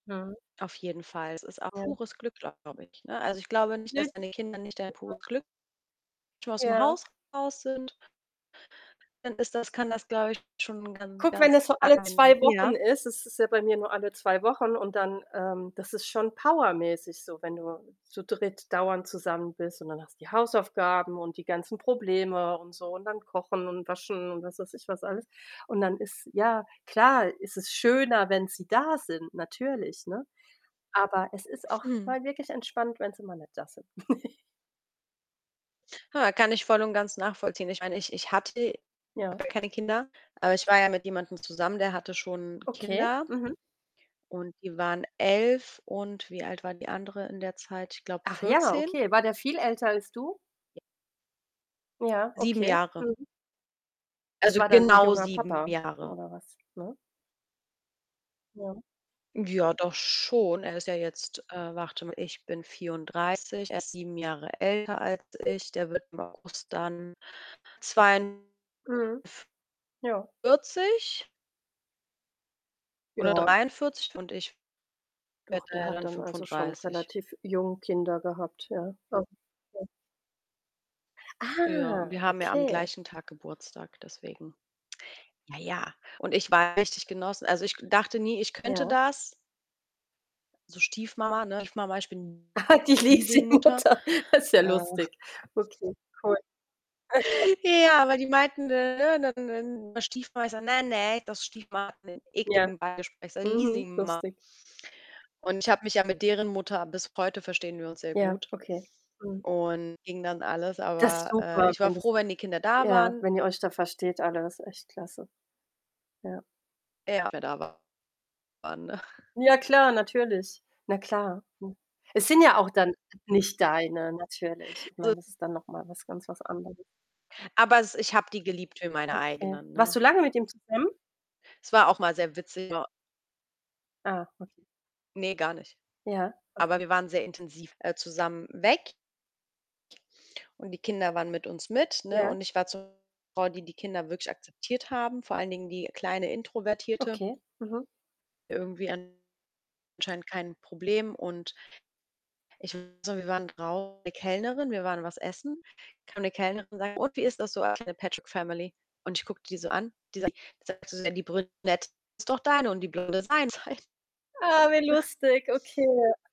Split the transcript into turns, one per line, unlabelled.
Ja.
Auf jeden Fall. Es ist auch
Ja.
pures Glück, glaube ich, ne? Also, ich glaube nicht, dass wenn die Kinder nicht dein
[unintelligible]
pures Glück schon aus'm
Ja.
Haus raus sind dann ist das kann das, glaube ich, schon ganz
Guck, wenn
ganz
das so alle
angenehm
2 Wochen
ja.
ist es ist ja bei mir nur alle 2 Wochen und dann ähm, das ist schon powermäßig so, wenn du zu dritt dauernd zusammen bist, und dann hast du die Hausaufgaben und die ganzen Probleme und so und dann Kochen und Waschen und, was weiß ich, was alles. Und dann ist ja, klar ist es schöner, wenn sie da sind, natürlich, ne? Aber es ist auch
Mhm.
mal wirklich entspannt, wenn sie mal nicht da sind.
Hör mal, kann ich voll und ganz nachvollziehen. Ich meine, ich ich hatte
Ja.
keine Kinder, aber ich war ja mit jemandem zusammen, der hatte schon
Okay.
Kinder,
Mhm.
und die waren 11 und wie alt war die andere in der Zeit? Ich glaube,
Ach ja,
14
okay. War der viel älter als du? Ja,
7
okay.
Jahre.
Mhm. Das
Also,
war dann 'n
genau
junger
7
Papa
Jahre.
oder was, ne? Ja.
Ja, doch schon. Er ist ja jetzt, äh, warte mal, ich bin 34, er ist 7 Jahre älter als ich. Der wird im August dann
Mhm. Ja.
42 oder
Ja.
43, und ich werde
Doch, der
ja
hat
dann
dann also schon
35.
relativ jung Kinder gehabt, ja. Aha, ja.
Ja, und wir
Ah,
haben ja am
okay.
gleichen Tag Geburtstag, deswegen. Ja, ja. Und ich war richtig genossen. Also, ich dachte nie, ich könnte
Ja.
das. So Stiefmama, ne?, [unintelligible] ich bin
Ah, die
Leasing-Mutter.
Leasing-Mutter. Das ist ja
Äh
lustig. Okay, cool.
Ja, aber die meinten dann [unintelligible] Stiefmama. Ich sage: „Ne, ne, das Stiefmama hat 'nen
Ja,
ekligen Beigeschmack“, ich sage
mhm,
„Leasing-Mama.“
lustig.
Und ich habe mich ja mit deren Mutter bis heute verstehen wir uns sehr
Ja,
gut.
okay. Mhm.
Und ging dann alles,
Das ist
aber, äh,
super,
ich war
wenn das
froh, wenn die Kinder da
ja,
waren.
wenn ihr euch da versteht alle, das ist echt klasse. Ja.
Ja, [unintelligible] waren.
Ja, klar, natürlich. Na klar, hm. Es sind ja auch dann nicht deine, natürlich. Ich
[unintelligible]
meine, das ist dann noch mal was ganz was anderes.
Aber es ich habe die geliebt wie meine
Okay.
eigenen,
Warst
ne?
du lange mit ihm zusammen?
Es war auch mal sehr witzig [unintelligible]
Ah, okay.
Ne, gar nicht.
Ja,
Aber
okay.
wir waren sehr intensiv, äh, zusammen weg. Und die Kinder waren mit uns mit, ne?
Ja.
Und ich war zu [unintelligible] Frau, die die Kinder wirklich akzeptiert haben, vor allen Dingen die kleine Introvertierte.
Okay, mhm.
Irgendwie anscheinend kein Problem. Und ich so wir waren [unintelligible] Kellnerin, wir waren was essen. Kam 'ne Kellnerin und sagt: „Und, wie ist das so als 'ne Patchwork-Family?“ Und ich gucke die so an. Die sagt sagt sie so: „Ja, die Brünette ist doch deine und die Blonde seins“ halt.
Ah, wie lustig, okay.